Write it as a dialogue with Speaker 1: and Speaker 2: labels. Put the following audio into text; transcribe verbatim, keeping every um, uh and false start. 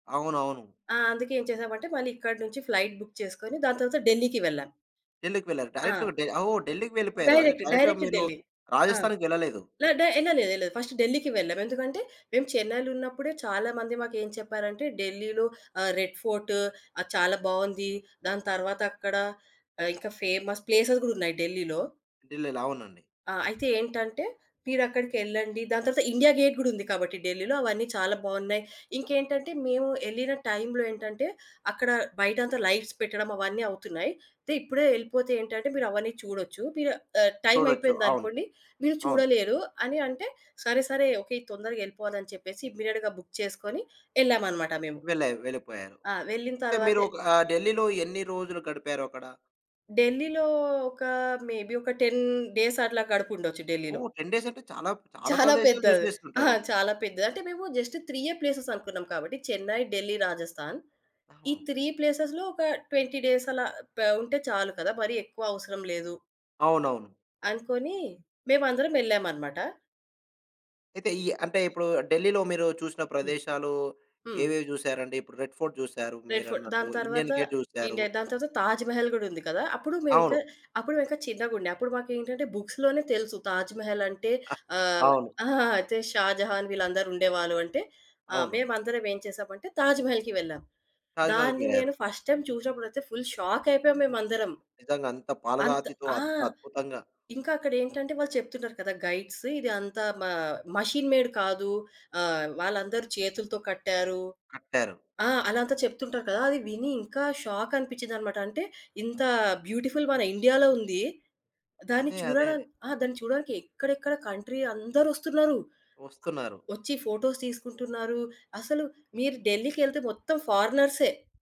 Speaker 1: అవునవును.
Speaker 2: ఆ! అందుకే ఏం చేశామంటే, మళ్ళీ ఇక్కడ నుంచి ఫ్లైట్ బుక్ చేసుకొని, దాని తర్వాత ఢిల్లీకి వెళ్ళాం.
Speaker 1: ఢిల్లీకి వెళ్లారు.
Speaker 2: ఆ!
Speaker 1: డైరెక్ట్‌గా డె ఓహ్! ఢిల్లీకి వెళ్ళిపోయారు. అదే
Speaker 2: డైరెక్ట్,
Speaker 1: డైరెక్ట్‌గా
Speaker 2: డైరెక్ట్
Speaker 1: మీరు
Speaker 2: ఢిల్లీ. ఆ!
Speaker 1: రాజస్థాన్‌కెళ్ళలేదు.
Speaker 2: ల డ యెళ్ళలేదెళ్ళేదు. ఫస్టు ఢిల్లీకి వెళ్ళాం. ఎందుకంటే, మేము చెన్నైలున్నప్పుడే చాలా మంది మాకేం చెప్పారంటే, ఢిల్లీలో ఆహ్, రెడ్ ఫోర్ట్ అది చాలా బావుంది. దాని తరువాత అక్కడ ఆహ్, ఇంకా ఫేమస్ ప్లేసెస్ గూడున్నాయి ఢిల్లీలో.
Speaker 1: ఢిల్లీలో. అవునండి.
Speaker 2: ఆ! అయితే ఏంటంటే, మీరక్కడికెళ్ళండి. దాని తర్వాత ఇండియా గేట్ గూడుంది కాబట్టి ఢిల్లీలో, అవన్నీ చాలా బావున్నయి. ఇంకేంటంటే, మేవు యెళ్ళిన టైంలో ఏంటంటే, అక్కడ బయటంతా లైట్స్ పెట్టడం అవన్నీ అవుతున్నాయి. అయితే ఇప్పుడే యెళ్ళిపోతే ఏంటంటే, మీరవన్నీ చూడొచ్చు, మీరు ఆహ్,
Speaker 1: చూడొచ్చు. అవును.
Speaker 2: టైమయిపోయిందనుకోండి, మీరు
Speaker 1: అవును.
Speaker 2: చూడలేరు అని అంటే, సరే సరే, ఓకే, తొందరగెళ్ళిపోవాలని చెప్పేసి ఇమ్మీడియేట్‌గా బుక్ చేసుకొని యెళ్ళామనమాట మేము.
Speaker 1: వెళ్ళాయి వెళ్ళిపోయారు.
Speaker 2: ఆ! వెళ్ళిన
Speaker 1: అంటే, మీరు
Speaker 2: తరువాతే
Speaker 1: ఒకా ఆహ్, ఢిల్లీలో ఎన్ని రోజులు గడిపారు అక్కడ?
Speaker 2: ఢిల్లీలో ఒకా మేబీ ఒక టెన్ డేసట్లా గడుపుండొచ్చు ఢిల్లీలో.
Speaker 1: ఓహ్! టెన్ డేసంటే, చాలా చాలా
Speaker 2: చాలా
Speaker 1: ప్రదేశాలు
Speaker 2: పెద్దది. ఆ!
Speaker 1: జూసేసుంటారు.
Speaker 2: చాలా పెద్దది. అంటే, మేము జస్ట్ త్రీయే ప్లేసేసనుకున్నాం కాబట్టి, చెన్నై, ఢిల్లీ, రాజస్థాన్. ఈ
Speaker 1: ఆహా!
Speaker 2: త్రీ ప్లేసేస్‌లో ఒక ట్వెంటీ డేసలా ప ఉంటే చాలు కదా! మరీ ఎక్కువ అవసరం లేదు.
Speaker 1: అవునవును.
Speaker 2: అనుకోనీ మేమందరమెళ్ళామనమాట.
Speaker 1: అయితే, ఈ అంటే ఇప్పుడూ ఢిల్లీలో మీరు చూసిన
Speaker 2: హ్మ్.
Speaker 1: ప్రదేశాలూ
Speaker 2: హ్మ్.
Speaker 1: ఏవేవి జూశారండి? ఇప్పుడు రెడ్ ఫోర్ట్ జూసారు
Speaker 2: రెడ్ ఫోర్ట్.
Speaker 1: మీరన్నట్టు.
Speaker 2: దాని
Speaker 1: ఇండియన్
Speaker 2: తర్వాతా
Speaker 1: గేట్ జూసారు.
Speaker 2: ఇండియా, దాని తరవాత తాజ్ మహల్ గూడుంది కదా! అప్పుడు మేవింక,
Speaker 1: అవును.
Speaker 2: అప్పుడు మేవింక చిన్నగుండే. అప్పుడు మాకేంటంటే, బుక్స్‌లోనే తెలుసు, తాజ్ మహలంటే ఆహ్
Speaker 1: అవును.
Speaker 2: ఆ! జస్ట్ షాజహాన్ వీళ్ళందరూ ఉండేవాళ్ళు అంటే. ఆహ్,
Speaker 1: అవును.
Speaker 2: మేమందరమేం చేశామంటే, తాజ్ మహల్‌కి వెళ్ళాం.
Speaker 1: తాజ్
Speaker 2: దాన్ని
Speaker 1: మహల్‌కెళ్లారు.
Speaker 2: నేను ఫస్ట్ టైమ్ చూసినప్పుడయితే ఫుల్ షాక్కయిపోయాం మేమందరం.
Speaker 1: నిజంగంత
Speaker 2: అంత
Speaker 1: పాలరాతితో,
Speaker 2: ఆ!
Speaker 1: అద్ అద్భుతంగా
Speaker 2: ఇంకా అక్కడేంటంటే, వాళ్ళు చెప్తున్నారు కదా! గైడ్స్, ఇది అంతా మా మాషీన్ మేడ్ కాదు, ఆహ్, వాళ్ళందరూ చేతులుతో కట్టారు.
Speaker 1: కట్టారు.
Speaker 2: ఆ! అలంతా చెప్తుంటారు కదా! అది విని ఇంకా షాకనిపించిందనమాట. అంటే, ఇంతా బ్యూటిఫుల్ మన ఇండియాలో ఉంది. దాన్ని
Speaker 1: అదే, అదే,
Speaker 2: చూడడాన్
Speaker 1: అదే.
Speaker 2: ఆ! దాన్ని చూడడానికి ఎక్కడెక్కడ కంట్రీ అందరొస్తున్నరు. ఆహ్,
Speaker 1: ఒస్తున్నారు.
Speaker 2: ఒచ్చి ఫోటోస్ తీసుకుంటున్నారు. అసలు మీరు ఢిల్లీకెళ్తే మొత్తం ఫారినర్సే.